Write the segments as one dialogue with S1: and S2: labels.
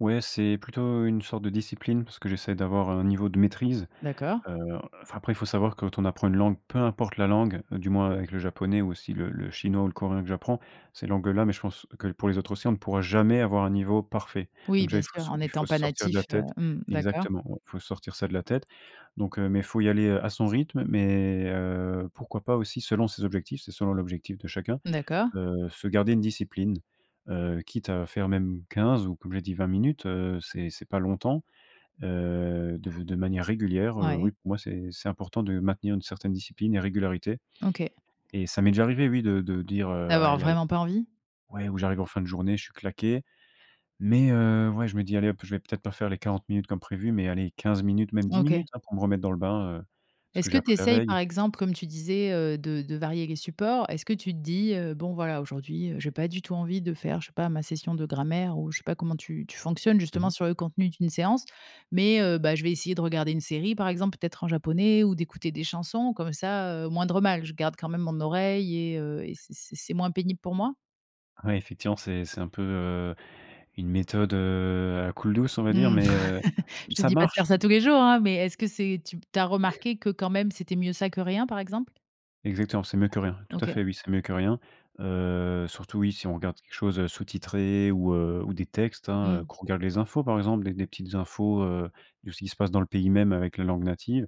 S1: Ouais, c'est plutôt une sorte de discipline, parce que j'essaie d'avoir un niveau de maîtrise,
S2: D'accord.
S1: heu enfin, après il faut savoir, quand on apprend une langue, peu importe la langue, heu, du moins avec le japonais, ou aussi le le chinois ou le coréen que j'apprends, ces langues-là mais je pense que pour les autres aussi, on ne pourra jamais avoir un niveau parfait.
S2: Oui,
S1: Donc déjà
S2: bien
S1: il faut
S2: sûr, en
S1: so il faut
S2: étant
S1: se
S2: pas
S1: sortir de la
S2: natif, heu,
S1: tête
S2: mmh, d'accord.
S1: exactement, il faut sortir ça de la tête, donc, heu, mais il faut y aller, heu, à son rythme, mais, heu, pourquoi pas aussi, selon ses objectifs. C'est selon l'objectif de chacun,
S2: D'accord.
S1: heu, se garder une discipline, heu, quitte à faire même 15 ou, comme j'ai dit, 20 minutes, heu, c'est c'est pas longtemps, heu, de de manière régulière, heu, oui,
S2: Ouais.
S1: pour moi, c'est c'est important de maintenir une certaine discipline et régularité
S2: OK.
S1: et ça m'est déjà arrivé, oui, de de dire, heu: «Ah
S2: Avoir
S1: elle a é»
S2: vraiment pas envie?
S1: ouais, ou j'arrive en fin de journée, je suis claqué, mais, heu, ouais, je me dis: «Allez hop, je vais peut-être pas faire les 40 minutes comme prévu, mais allez 15 minutes, même 10 minutes»
S2: OK.
S1: hein, pour me remettre dans le bain, heu, ce que
S2: Est-ce que
S1: j'ai
S2: tu
S1: appris la
S2: essayes,
S1: veille.
S2: par exemple, comme tu disais, heu, de de varier les supports? Est-ce que tu te dis: «Heu, bon voilà aujourd'hui, heu, j'ai pas du tout envie de faire, je sais pas, ma session de grammaire» ou je sais pas comment tu tu fonctionnes
S1: Mmh
S2: justement
S1: mh.
S2: sur le contenu d'une séance? Mais, heu: «Bah, je vais essayer de regarder une série, par exemple, peut-être en japonais ou d'écouter des chansons comme ça, heu, moindre mal, je garde quand même mon oreille et heu, et c'est c'est c'est moins pénible pour moi?»
S1: Ouais, effectivement, c'est c'est un peu, heu, une méthode, heu, à la coule douce on va dire,
S2: Mmh,
S1: mais, heu,
S2: je te
S1: ça
S2: dis pas de
S1: marche.
S2: faire ça tous les jours, hein, mais est-ce que c'est tu tu as remarqué que, quand même, c'était mieux ça que rien, par exemple?
S1: Exactement, c'est mieux que rien, tout à
S2: OK.
S1: fait, oui, c'est mieux que rien, heu, surtout oui, si on regarde quelque chose, heu, sous-titré ou, heu, ou des textes, hein, heu,
S2: Mmh.
S1: qu'on regarde les infos, par exemple, des des petites infos, heu, de ce qui se passe dans le pays même avec la langue native,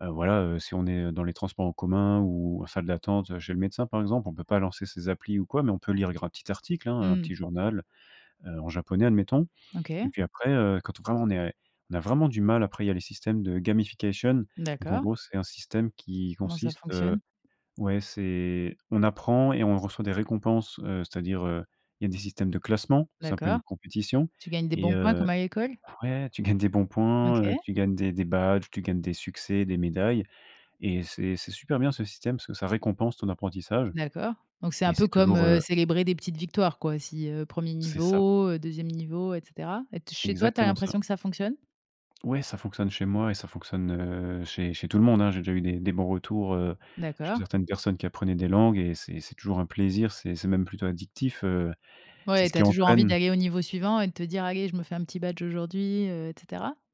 S1: heu, voilà, heu, si on est dans les transports en commun ou en salle d'attente, heu, chez le médecin, par exemple, on peut pas lancer ces applis ou quoi, mais on peut lire gr un petit article, hein, hein, un petit
S2: Mmh.
S1: journal, heu, en japonais admettons, et
S2: OK.
S1: puis après, heu, quand on vraiment on est a on a vraiment du mal, après il y a les systèmes de gamification. Donc, en
S2: D'accord.
S1: gros, c'est un système qui
S2: Comment ça
S1: consiste, heu
S2: fonctionne?
S1: ouais c'est on apprend et on reçoit des récompenses, heu, c'est-à-dire, heu, il y a des systèmes de classement, c'est un peu une
S2: D'accord.
S1: compétition
S2: Tu gagnes des
S1: et
S2: bons points,
S1: heu
S2: comme à l'école?
S1: ouais tu gagnes des bons points, heu,
S2: OK.
S1: tu gagnes des des badges, tu gagnes des succès, des médailles et c'est c'est super bien ce système, parce que ça récompense ton apprentissage
S2: D'accord, donc c'est
S1: et
S2: un peu
S1: c'est
S2: comme,
S1: toujours, heu
S2: heu, célébrer des petites victoires, quoi, si heu, 1er
S1: C'est ça.
S2: niveau, heu, 2e niveau et cetera et t chez toi, tu as
S1: Exactement ça.
S2: l'impression que ça fonctionne?
S1: Ouais, ça fonctionne chez moi et ça fonctionne, heu, chez chez tout le monde, hein. J'ai déjà eu des des bons retours, heu, chez
S2: D'accord.
S1: certaines personnes qui apprenaient des langues et c'est c'est toujours un plaisir, c'est c'est même plutôt addictif, heu, c'est
S2: Ouais,
S1: ce
S2: tu as
S1: qui
S2: toujours envie
S1: entraîne.
S2: d'aller au niveau suivant et de te dire: «Allez, je me fais un petit badge aujourd'hui» heu et cetera?